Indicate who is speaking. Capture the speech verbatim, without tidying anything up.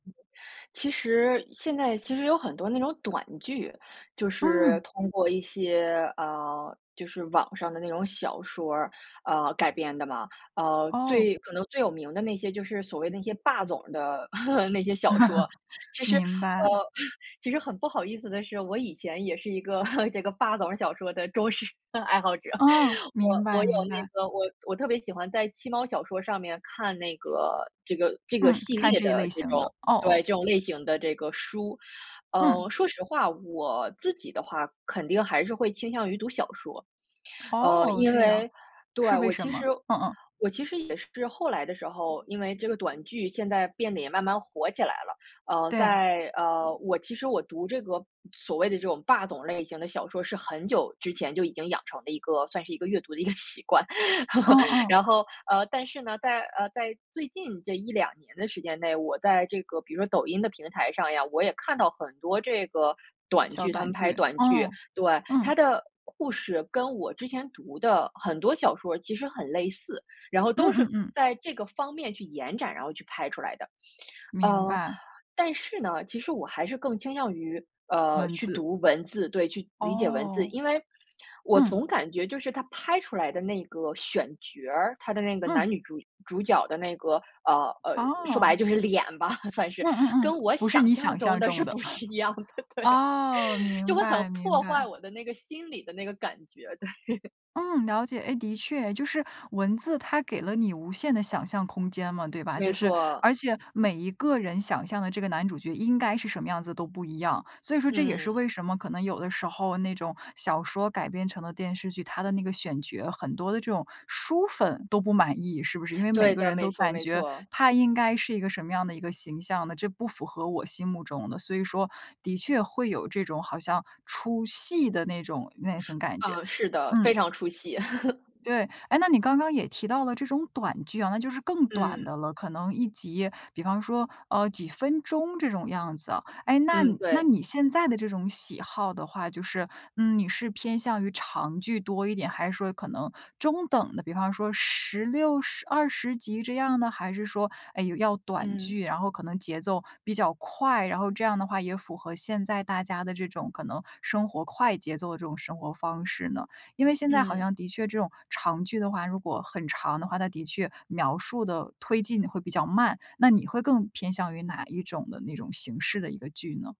Speaker 1: 其实现在其实有很多那种短剧，就是
Speaker 2: 嗯。
Speaker 1: 通过一些，呃就是网上的那种小说，呃，改编的嘛。呃，
Speaker 2: 哦。
Speaker 1: 最可能最有名的那些就是所谓那些霸总的 那些小说。其实呃，
Speaker 2: 明白。
Speaker 1: 其实很不好意思的是，我以前也是一个 这个霸总小说的忠实爱好者。
Speaker 2: 哦，
Speaker 1: 我
Speaker 2: 明白
Speaker 1: 我有
Speaker 2: 明
Speaker 1: 那
Speaker 2: 白。
Speaker 1: 个我我特别喜欢在七猫小说上面看那个这个这个
Speaker 2: 嗯，
Speaker 1: 系
Speaker 2: 看
Speaker 1: 列
Speaker 2: 这一
Speaker 1: 的
Speaker 2: 类
Speaker 1: 这
Speaker 2: 型
Speaker 1: 种
Speaker 2: 的，哦
Speaker 1: 对，
Speaker 2: 哦。
Speaker 1: 这种类型的这个书。
Speaker 2: 嗯。
Speaker 1: 嗯，说实话，我自己的话肯定还是会倾向于读小说。嗯，
Speaker 2: 哦，
Speaker 1: 因
Speaker 2: 这样，
Speaker 1: 为对，
Speaker 2: 是为
Speaker 1: 我
Speaker 2: 什
Speaker 1: 其
Speaker 2: 么？
Speaker 1: 实
Speaker 2: 嗯嗯。
Speaker 1: 我其实也是后来的时候，因为这个短剧现在变得也慢慢火起来了。呃，
Speaker 2: 对。
Speaker 1: 在呃，我其实我读这个所谓的这种霸总类型的小说，是很久之前就已经养成了一个算是一个阅读的一个习惯。
Speaker 2: 嗯 嗯。
Speaker 1: 然后，呃，但是呢，在，呃，在最近这一两年的时间内，我在这个比如说抖音的平台上呀，我也看到很多这个短
Speaker 2: 小
Speaker 1: 剧，他
Speaker 2: 短
Speaker 1: 们拍
Speaker 2: 剧。
Speaker 1: 短剧。
Speaker 2: 嗯，
Speaker 1: 对，它
Speaker 2: 嗯。
Speaker 1: 的故事跟我之前读的很多小说其实很类似，然后
Speaker 2: 嗯
Speaker 1: 都
Speaker 2: 嗯
Speaker 1: 是
Speaker 2: 嗯。
Speaker 1: 在这个方面去延展，然后去拍出来的。
Speaker 2: 明
Speaker 1: 嗯，
Speaker 2: 白。
Speaker 1: 但是呢，其实我还是更倾向于，呃，
Speaker 2: 文
Speaker 1: 去
Speaker 2: 字。
Speaker 1: 读文字对，去理解文字。
Speaker 2: 哦。
Speaker 1: 因为，我
Speaker 2: 嗯。
Speaker 1: 总感觉就是它拍出来的那个选角儿，它的那个男
Speaker 2: 嗯。
Speaker 1: 女主主角的那个，呃，呃，说白了
Speaker 2: 哦。
Speaker 1: 就是脸吧，算是。
Speaker 2: 嗯嗯
Speaker 1: 跟
Speaker 2: 嗯，
Speaker 1: 我
Speaker 2: 不是
Speaker 1: 想
Speaker 2: 你
Speaker 1: 象
Speaker 2: 想
Speaker 1: 中
Speaker 2: 象
Speaker 1: 的是
Speaker 2: 中的。
Speaker 1: 不是一样的，对。
Speaker 2: 哦，
Speaker 1: 就
Speaker 2: 明
Speaker 1: 会很
Speaker 2: 白明
Speaker 1: 破坏
Speaker 2: 白。
Speaker 1: 我的那个心里的那个感觉，对。
Speaker 2: 嗯，了解。哎，的确，就是文字它给了你无限的想象空间嘛，对吧？就
Speaker 1: 没
Speaker 2: 是
Speaker 1: 错。
Speaker 2: 而且每一个人想象的这个男主角应该是什么样子都不一样，所以说这也是
Speaker 1: 嗯。
Speaker 2: 为什么可能有的时候那种小说改编成的电视剧，它的那个选角，很多的这种书粉都不满意，是不是？因为每
Speaker 1: 对
Speaker 2: 个
Speaker 1: 的，
Speaker 2: 人
Speaker 1: 没
Speaker 2: 都
Speaker 1: 错
Speaker 2: 感
Speaker 1: 没
Speaker 2: 觉
Speaker 1: 错。
Speaker 2: 他应该是一个什么样的一个形象的，这不符合我心目中的。所以说，的确会有这种好像出戏的那种那种感觉，
Speaker 1: 呃，是的，非
Speaker 2: 嗯。
Speaker 1: 常出戏。
Speaker 2: 对。哎，那你刚刚也提到了这种短剧啊，那就是更短
Speaker 1: 嗯。
Speaker 2: 的了，可能一集比方说，呃，几分钟这种样子。哎，那
Speaker 1: 嗯，
Speaker 2: 那
Speaker 1: 对。
Speaker 2: 你现在的这种喜好的话就是，嗯，你是偏向于长剧多一点，还是说可能中等的，比方说十六、十二十集这样呢？还是说，诶，有要短
Speaker 1: 嗯。
Speaker 2: 剧，然后可能节奏比较快，然后这样的话也符合现在大家的这种可能生活快节奏的这种生活方式呢？因为现在好
Speaker 1: 嗯。
Speaker 2: 像的确这种长剧的话，如果很长的话，它的确描述的推进的会比较慢，那你会更偏向于哪一种的那种形式的一个剧呢？